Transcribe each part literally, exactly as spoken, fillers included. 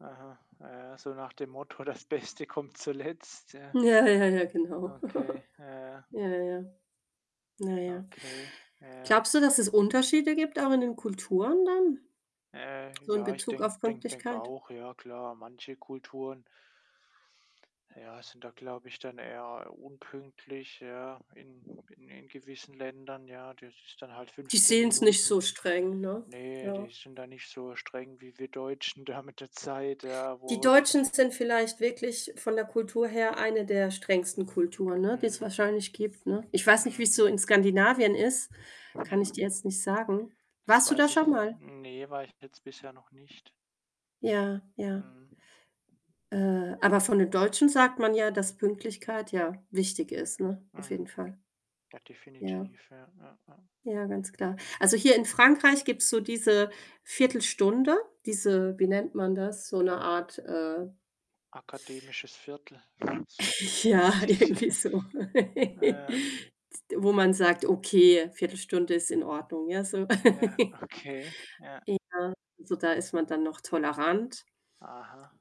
Aha, ah ja so nach dem Motto: „Das Beste kommt zuletzt.“ Ja. Ja, ja, ja, genau. Okay. Ja, ja. Ja, ja, ja. Na ja. Okay. Ja. Glaubst du, dass es Unterschiede gibt auch in den Kulturen dann? Ja, ja. So im Ja, ich Bezug denke auf denke denke Pünktlichkeit? auch, ja klar. Manche Kulturen ja, sind da, glaube ich, dann eher, unpünktlich, ja, in in in gewissen Ländern, ja? Das ist dann halt Die fünfzehn sehen's nicht so Minuten. streng, ne? Ne, Ja. die sind da nicht so streng wie wir Deutschen da mit der Zeit, ja, Die wo wir dann Deutschen sind vielleicht wirklich von der Kultur her eine der strengsten Kulturen, ne, die's Mhm. wahrscheinlich gibt, ne? Ich weiß nicht, Mhm. wie's so in Skandinavien ist, kann Hm. ich dir jetzt nicht sagen. Das Warst du da weiß ich schon mal? ne, war ich jetzt bisher noch nicht. Ja, ja. Mhm. Äh, aber von den Deutschen sagt man ja, dass Pünktlichkeit ja wichtig ist, ne? Auf jeden Mhm. Fall. Ja, Ja. definitiv. Ja. Ja. Ja. Ja, ganz klar. Also, hier in Frankreich gibt's so diese Viertelstunde, diese wie nennt man das? So 'ne Art, äh Akademisches Viertel. Ja, irgendwie so. Ja. Z wo man sagt: „Okay, Viertelstunde ist in Ordnung.“ Ja, so. Ja. Okay, ja. Ja, so da ist man dann noch tolerant. Aha.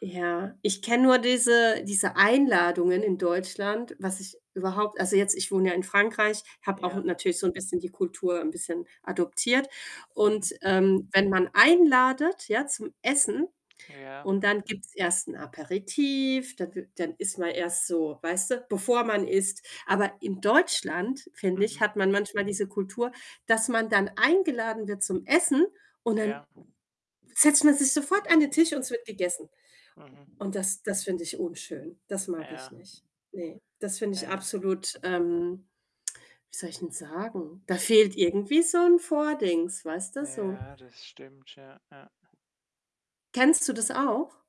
Ja, ich kenne nur diese diese Einladungen in Deutschland, was ich überhaupt also, jetzt ich wohne ja in Frankreich, habe auch Ja. natürlich so 'n bisschen die Kultur 'n bisschen adoptiert. Und, Mhm. ähm, wenn man einladet, ja, zum Essen, Ja. und dann gibt's erst 'n Aperitif, dann i dann ist man erst so weißt du, bevor man isst. Aber in Deutschland, finde ich, Mhm. hat man manchmal diese Kultur, dass man dann eingeladen wird zum Essen und dann Ja. setzt man sich sofort an den Tisch und es wird gegessen. Mhm. Und das das finde ich unschön. Das mag ich Ja. nicht. Ne, das finde ich Ja. absolut ähm, wie soll ich 'n sagen? Da fehlt irgendwie so 'n Vordings, weißt du, so. Ja, das stimmt. Ja. Ja. Kennst du das auch?